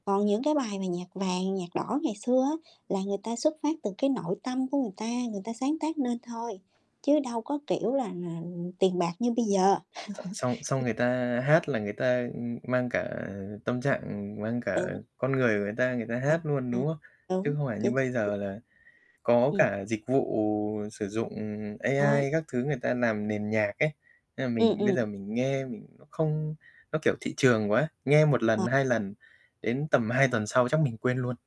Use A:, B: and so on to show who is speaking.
A: Còn những cái bài về nhạc vàng, nhạc đỏ ngày xưa á, là người ta xuất phát từ cái nội tâm của người ta, người ta sáng tác nên thôi, chứ đâu có kiểu là, ừm, tiền bạc như bây giờ.
B: X xong xong người ta hát là người ta, ừm, mang cả, ờ, tâm trạng, ừm, mang cả,
A: Đúng.
B: ờ, con người của người ta, người ta hát luôn, đúng
A: [unintelligible]
B: hông? Chứ
A: Đúng,
B: không phải như
A: chính x
B: bây
A: [unintelligible]
B: giờ là có
A: Ừm.
B: cả dịch vụ sử dụng, ừm,
A: Ờ.
B: AI các thứ người ta làm nền nhạc ấy, nên là
A: Ừm,
B: mình bây
A: ừm.
B: giờ mình nghe mình nó không nó, kiểu, thị trường quá, nghe 1 lần,
A: Ờ.
B: 2 lần, đến tầm 2 tuần sau chắc mình quên luôn.